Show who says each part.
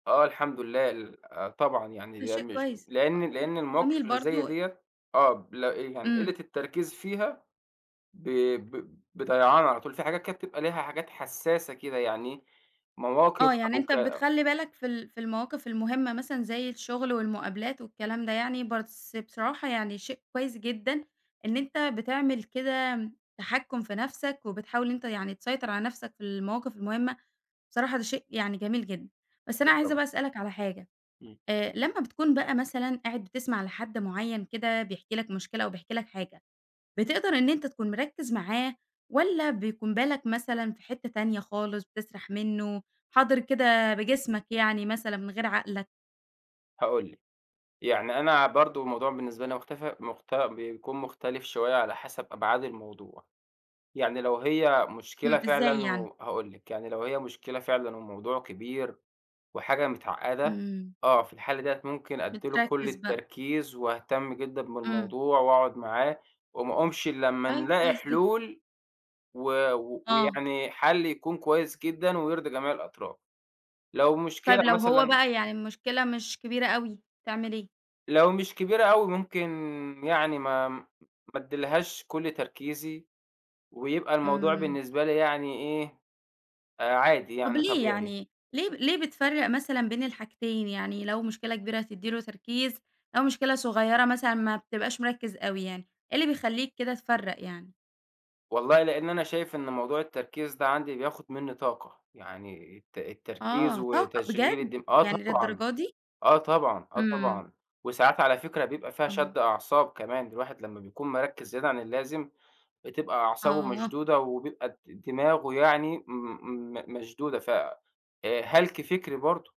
Speaker 1: آه، الحمد لله، ل آآ، طبعًا
Speaker 2: ده
Speaker 1: يعني
Speaker 2: شيء
Speaker 1: مش
Speaker 2: كويس، آه،
Speaker 1: لأن
Speaker 2: يعني
Speaker 1: لأن
Speaker 2: جميل
Speaker 1: المواقف اللي زي
Speaker 2: برضو.
Speaker 1: ديّة، آه، ب لا، يعني
Speaker 2: إمم.
Speaker 1: قلة التركيز فيها، ب ب بضيعان على طول، في حاجات كانت بتبقى ليها حاجات حساسة كده يعني، مواقف
Speaker 2: آه، يعني
Speaker 1: أو
Speaker 2: أنتَ
Speaker 1: ك
Speaker 2: بتخلِّي بالك في ال في المواقف المهمَّة، مثلًا زي الشغل والمقابلات والكلام ده يعني، بس بصراحة يعني شيء كويِس جدًا إن أنتَ بتعمل كده، تحكُّم في نفسك، وبتحاول أنتَ يعني تسيطِر على نفسك في المواقف المهمَّة، بصراحة ده شيء يعني جميل جدًا. بس أنا
Speaker 1: أكيد،
Speaker 2: عايزة
Speaker 1: طبعًا.
Speaker 2: بقى أسألَك على حاجة،
Speaker 1: إمم.
Speaker 2: آآ، لمّا بتكون بقى مثلًا قاعد بتسمع لحد معيَّن كده بيحكي لك مشكلة أو بيحكي لك حاجة، بتقدَر إن أنتَ تكون مركّز معاه، والّا بيكون بالك مثلًا في حتّة تانية خالص، بتسرَح منه، حاضِر كده بجسمك يعني مثلًا من غير عقلك؟
Speaker 1: هاقول لِك، يعني أنا برضه الموضوع بالنسبة لي مختف مخت بيكون مختلِف شوية على حسب أبعاد الموضوع. يعني لو هي مشكلة
Speaker 2: إمم، إزاي
Speaker 1: فعلًا
Speaker 2: يعني؟
Speaker 1: و وهاقول لِك، يعني لو هي مشكلة فعلًا والموضوع كبير وحاجة متعقّدة،
Speaker 2: إمم.
Speaker 1: آه في الحالة ديَّة ممكن أدِّي له كل
Speaker 2: بتركز بقى.
Speaker 1: التركيز، واهتِم جدًا
Speaker 2: إمم.
Speaker 1: بالموضوع، وأقعد معاه وما أقومش إلا لمّا
Speaker 2: طيب،
Speaker 1: نلاقي
Speaker 2: كويس جدًا.
Speaker 1: حلول، و و
Speaker 2: آه.
Speaker 1: ويعني حل يكون كويِس جدًا ويرضي جميع الأطراف. لو
Speaker 2: طيب
Speaker 1: مشكلة
Speaker 2: لو هو
Speaker 1: مثلًا
Speaker 2: بقى يعني المشكلة مش كبيرة أوي، تعمل إيه؟
Speaker 1: لو مش كبيرة أوي، ممكن يعني ما ما أديلهاش كل تركيزي، ويبقى الموضوع
Speaker 2: إمم.
Speaker 1: بالنسبة لي يعني إيه، آآ، عادي
Speaker 2: طب
Speaker 1: يعني،
Speaker 2: ليه؟
Speaker 1: طبيعي.
Speaker 2: يعني ليه ليه بتفرَّق مثلًا بين الحاجتين، يعني لو مشكلة كبيرة هتدِّي له تركيز، أو مشكلة صغيرة مثلًا ما بتبقاش مركِّز أوي يعني، إيه اللي بيخلِّيك كده تفرَّق يعني؟
Speaker 1: والله لأن أنا شايِف إن موضوع التركيز ده عندي بياخُد مني طاقة، يعني الت التركيز
Speaker 2: آه، طاقة
Speaker 1: وتشغيل
Speaker 2: بجد؟!
Speaker 1: الدم آه
Speaker 2: يعني
Speaker 1: طبعًا،
Speaker 2: للدرجة دي؟!
Speaker 1: آه طبعًا، آه
Speaker 2: إمم.
Speaker 1: طبعًا، وساعات على فكرة بيبقى فيها
Speaker 2: آه.
Speaker 1: شد أعصاب كمان، الواحد لمّا بيكون مركّز زيادة عن اللازم، بتبقى أعصابه
Speaker 2: آه.
Speaker 1: مشدودة، وبيبقى د د دماغه يعني م م م مشدودة، ف آآ، هلَك فكري برضه.